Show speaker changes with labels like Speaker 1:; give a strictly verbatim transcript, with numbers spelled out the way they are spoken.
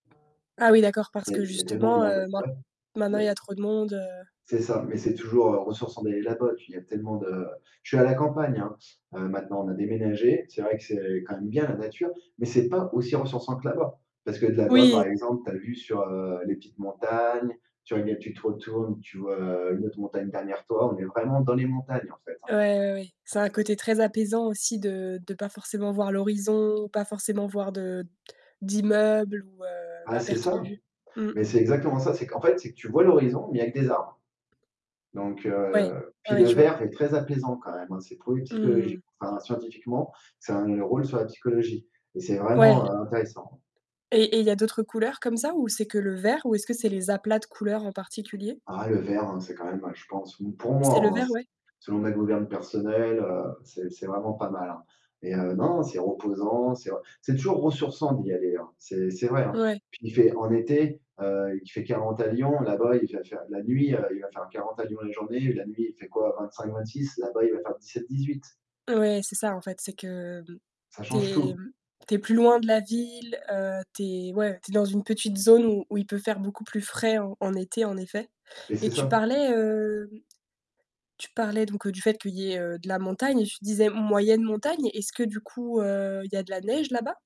Speaker 1: Ah oui, d'accord parce
Speaker 2: Il y a
Speaker 1: que
Speaker 2: il y a tellement de
Speaker 1: justement,
Speaker 2: monde.
Speaker 1: heu, maint
Speaker 2: Ouais,
Speaker 1: maintenant
Speaker 2: za
Speaker 1: il y a trop de monde, heu
Speaker 2: C'est ça, mais c'est toujours, heu, ressourçant d'aller là-bas puis il y a tellement de je suis à la campagne, hein. Heu, maintenant, on a déménagé. C'est vrai que c'est quand même bien la nature, mais c'est pas aussi ressourçant que là-bas. Parce que là-bas
Speaker 1: Oui.
Speaker 2: par exemple, tu as vu sur, heu, les petites montagnes, tu [unintelligible] tu te retournes, tu vois, heu, une autre montagne derrière toi, on est vraiment dans les montagnes en fait, hein.
Speaker 1: Ouais, ouais, ouais. Ça a un côté très apaisant aussi de de pas forcément voir l'horizon, pas forcément voir de d'immeubles ou, heu,
Speaker 2: Ah,
Speaker 1: à
Speaker 2: c'est
Speaker 1: perte de
Speaker 2: ça.
Speaker 1: vue. Mmh.
Speaker 2: Mais c'est exactement ça, c'est qu'en fait c'est que tu vois l'horizon, mais il y a que des arbres. Donc,
Speaker 1: Ouais,
Speaker 2: heu,
Speaker 1: ouais,
Speaker 2: puis
Speaker 1: ouais,
Speaker 2: le
Speaker 1: je vois.
Speaker 2: vert est très apaisant quand même, hein, c'est prouvé
Speaker 1: Mmh mh,
Speaker 2: psychologiqu
Speaker 1: mmh.
Speaker 2: enfin scientifiquement, ça a un rôle sur la psychologie et c'est
Speaker 1: Ouais,
Speaker 2: vraiment,
Speaker 1: l
Speaker 2: heu, intéressant,
Speaker 1: Et et
Speaker 2: hein.
Speaker 1: il y d'autres couleurs comme ça ou c'est que le vert ou est-ce que c'est les aplats de couleur, en particulier?
Speaker 2: Ah le vert, hein, c'est quand même, je pense, pour
Speaker 1: C'est le
Speaker 2: moi, hein,
Speaker 1: vert, ouais?
Speaker 2: selon ma gouverne personnelle, heu, c'est c'est vraiment pas mal, hein et heu, non, c'est reposant, c'est re c'est toujours ressourçant d'y aller, hein. C'est c'est vrai, hein.
Speaker 1: Ouais.
Speaker 2: Puis il fait, en été, heu, il fait quarante à Lyon, là-bas, il va faire, la nuit, heu, il va faire 40 à Lyon en journée, la nuit, fait quoi vingt-cinq-vingt-six, là-bas, il va faire dix-sept-dix-huit.
Speaker 1: Ouais, c'est ça, en fait, c'est que, mmh,
Speaker 2: Ça
Speaker 1: tu
Speaker 2: change
Speaker 1: es
Speaker 2: tout.
Speaker 1: mmh, tu es plus loin de la ville, heu, tu es ouais, tu es dans une petite zone où où il peut faire beaucoup plus frais en en été, en effet.
Speaker 2: Et
Speaker 1: Et
Speaker 2: c'est
Speaker 1: tu
Speaker 2: ça.
Speaker 1: parlais, hem, tu parlais donc du fait, qu'il y ait, heu, de la montagne et tu disais, moyenne montagne, est-ce que du coup, heu, il y a de la neige là-bas?